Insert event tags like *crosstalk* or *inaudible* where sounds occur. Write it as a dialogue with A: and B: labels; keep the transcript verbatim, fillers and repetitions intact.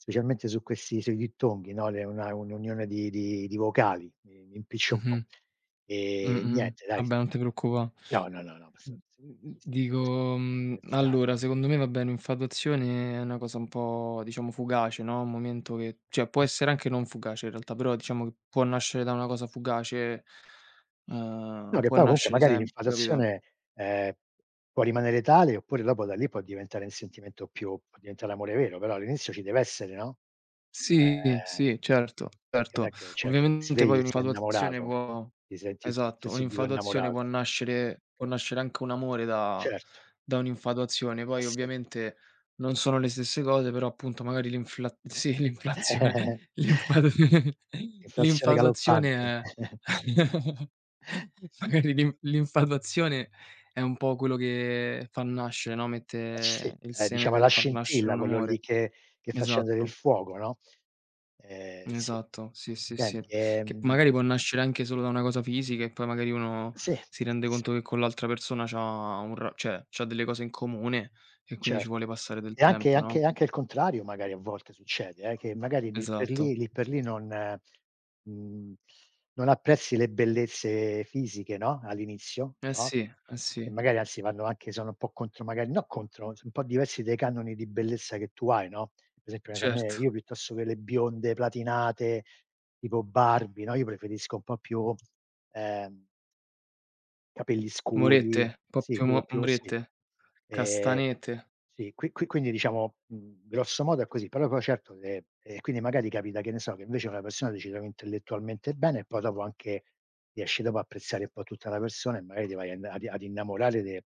A: Specialmente su questi sui dittonghi, no. Le una è un'unione di di di vocali, mi mi impiccio un po'.
B: Mh-mh.
A: E
B: Mh-mh-mh,
A: niente dai. S
B: vabbè non te preoccupa
A: no, no, no, no *unintelligible*
B: Mh mh mh,
A: si dice così.
B: dico,
A: *unintelligible*
B: mhmm,
A: cherzare.
B: allora, secondo me vabbé un'infatuazione è na cosa un po' diciamo fugace, no. Un momento che ceh, può essere anche non fugace in realtà, però diciamo che può nascere da una cosa fugace.
A: No
B: Uhm,
A: che
B: può
A: poi comunque
B: nascere
A: magari
B: sempre, capito.
A: infatazione ehm, può rimanere tale, oppure dopo da lì può diventare n sentimento più può diventare l'amore vero. Però all'inizio ci deve essere, no,
B: Sì,
A: ehm,
B: sì, certo,
A: perché non è
B: certo.
A: che ceh che ti
B: Ovviamente
A: svegli
B: poi
A: e sei
B: un'infatuazione
A: innamorato,
B: può
A: ti senti ti t
B: esatto.
A: subito
B: Un'infatuazione
A: innamorato.
B: può nascere può nascere anche un amore da
A: Certo.
B: da un'infatuazione.
A: Eh
B: Poi
A: sì.
B: ovviamente non sono le stesse cose però appunto, magari l'infla sì l'inflazione,
A: *chuckles*
B: l'infatu
A: Inflazione
B: l'infatuazione
A: galoppante.
B: è *chuckles*
A: *chuckles*
B: magari l'inf l'infatuazione è un po' quello che fa nascere, no,
A: Eh sì,
B: mette il
A: ehm,
B: seme
A: diciamo è la
B: per far nascere
A: scintilla,
B: un
A: quello lì
B: amore.
A: che che fa scendere il
B: Esatto.
A: fuoco, no. Ehm, si.
B: Esatto. Sì, sì, sì,
A: Senti
B: che
A: ehm
B: magari può nascere anche solo da una cosa fisica e poi magari uno
A: Sì,
B: si rende
A: sì.
B: conto che con l'altra persona c'ha un ra ceh, c'ha delle cose in comune e quindi ci
A: Certo.
B: vuole passare del
A: E anche
B: tempo,
A: anche
B: no?
A: anche il contrario magari a volte succede eh, che magari lì per
B: Esatto.
A: lì lì per lì non mhmm, non apprezzi le bellezze fisiche, no, all'inizio,
B: Eh
A: no,
B: sì, eh
A: e
B: sì.
A: magari anzi vanno anche sono un po' contro magari no contro, son un po' diversi dai canoni di bellezza che tu hai, no. Per esempio, che ne so, a me
B: Certo.
A: io piuttosto che le bionde platinate tipo Barbie, no, io preferisco un po' più ehm capelli scuri
B: Morette, po'
A: sì
B: più
A: più
B: mo
A: più sì.
B: morette.
A: Ehm,
B: Castanette.
A: sì. Qui qui quindi diciamo, mhmm, grosso modo è così. Però poi certo, ehm, e quindi magari capita che ne so che invece una persona, ti ci trovi intellettualmente bene e poi dopo anche, riesci dopo apprezzare un po' tutta la persona e magari ti vai ad i ad innamorare de